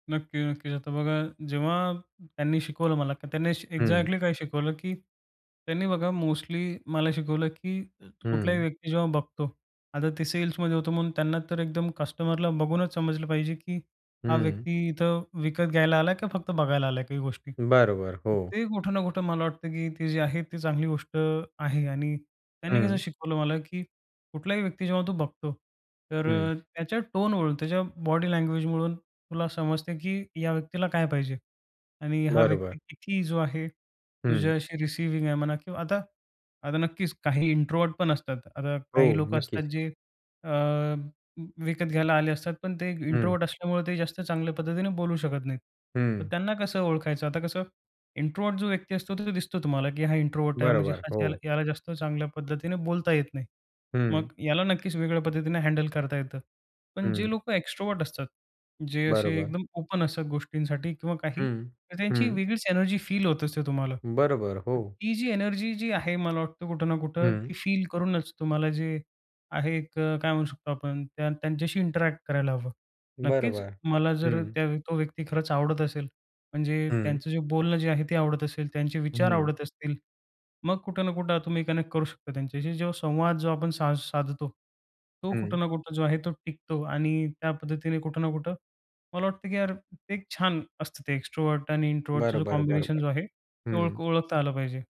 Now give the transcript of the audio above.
नक्की, नक्कीच. आता बघा जेव्हा त्यांनी शिकवलं मला, की त्यांनी हं. एक्झॅक्टली काय शिकवलं की त्यांनी बघा मोस्टली मला शिकवलं, की अ, कुठलाही हं. व्यक्ती जेव्हा बघतो. आता ते सेल्समध्ये होतो म्हणून त्यांना तर एकदम कस्टमरला बघूनच समजलं पाहिजे, की हा हं. व्यक्ती इथं विकत घ्यायला आला की फक्त बघायला आलाय काही गोष्टी. बरोबर, तर हो. ते कुठं ना कुठं मला वाटतं, की ते जे आहे, ती चांगली गोष्ट आहे आणि त्यांनी कसं हं. शिकवलं मला की कुठल्याही व्यक्ती जेव्हा तू बघतो, तर हं. अ, त्याच्या टोनवरून, त्याच्या बॉडी लँग्वेजवरून तुला समजते की या व्यक्तीला काय पाहिजे? आणि हा बरोबर. व्यक्ती किती जो आहे हं. तुझ्या अशी रिसिव्हिंग आहे म्हणा किंवा आता, आता नक्कीच काही इंट्रोव्हर्ट पण असतात. आता हो, काही लोकं नक्कीच. असतात जे अ, विकत घ्यायला आले असतात, पण ते हं. इंट्रोव्हर्ट असल्यामुळे ते जास्त चांगल्या पद्धतीने बोलू शकत नाहीत. तर हं. त्यांना कसं ओळखायचं आता कसं. इंट्रोव्हर्ट जो व्यक्ती असतो तो दिसतो तुम्हाला, की हा इंट्रोव्हर्ट आहे. म्हणजे बरोबर. हा याला हो. याला जास्त चांगल्या पद्धतीने बोलता येत नाही. मग हं. याला नक्कीच वेगळ्या पद्धतीने हँडल करता येतं. पण जे हं. लोकं एक्स्ट्रव्हर्ट असतात. जे असे बरोबर. एकदम ओपन असतात गोष्टींसाठी किंवा काही, हं, तर त्यांची हं. वेगळीच एनर्जी फील होत असते तुम्हाला. बरोबर. हो. ती जी एनर्जी जी आहे मला वाटतं कुठं ना कुठं हं. ती फील करूनच तुम्हाला जे आहे, एक काय म्हणू शकतो आपण, त्या त्यांच्याशी इंटरॅक्ट करायला हवं. नक्कीच, बरोबर. मला जर हं. त्या तो व्यक्ती खरंच आवडत असेल. म्हणजे हं. त्यांचं जे बोलणं जे आहे ते आवडत असेल, त्यांचे विचार हं. आवडत असतील. मग कुठे ना कुठं तुम्ही कनेक्ट करू शकता त्यांच्याशी. जो संवाद जो आपण साज साधतो. तो हं. कुठं ना कुठं जो आहे, तो टिकतो आणि त्या पद्धतीने कुठं ना कुठं मला वाटते, की यार एक-एक छान असतं ते एक्स्ट्रोव्हर्ट आणि इंट्रोव्हर्टचं जो बरोबर, कॉम्बिनेशन बरोबर, जो आहे. ते ओळख हं. ओळखता आलं पाहिजे.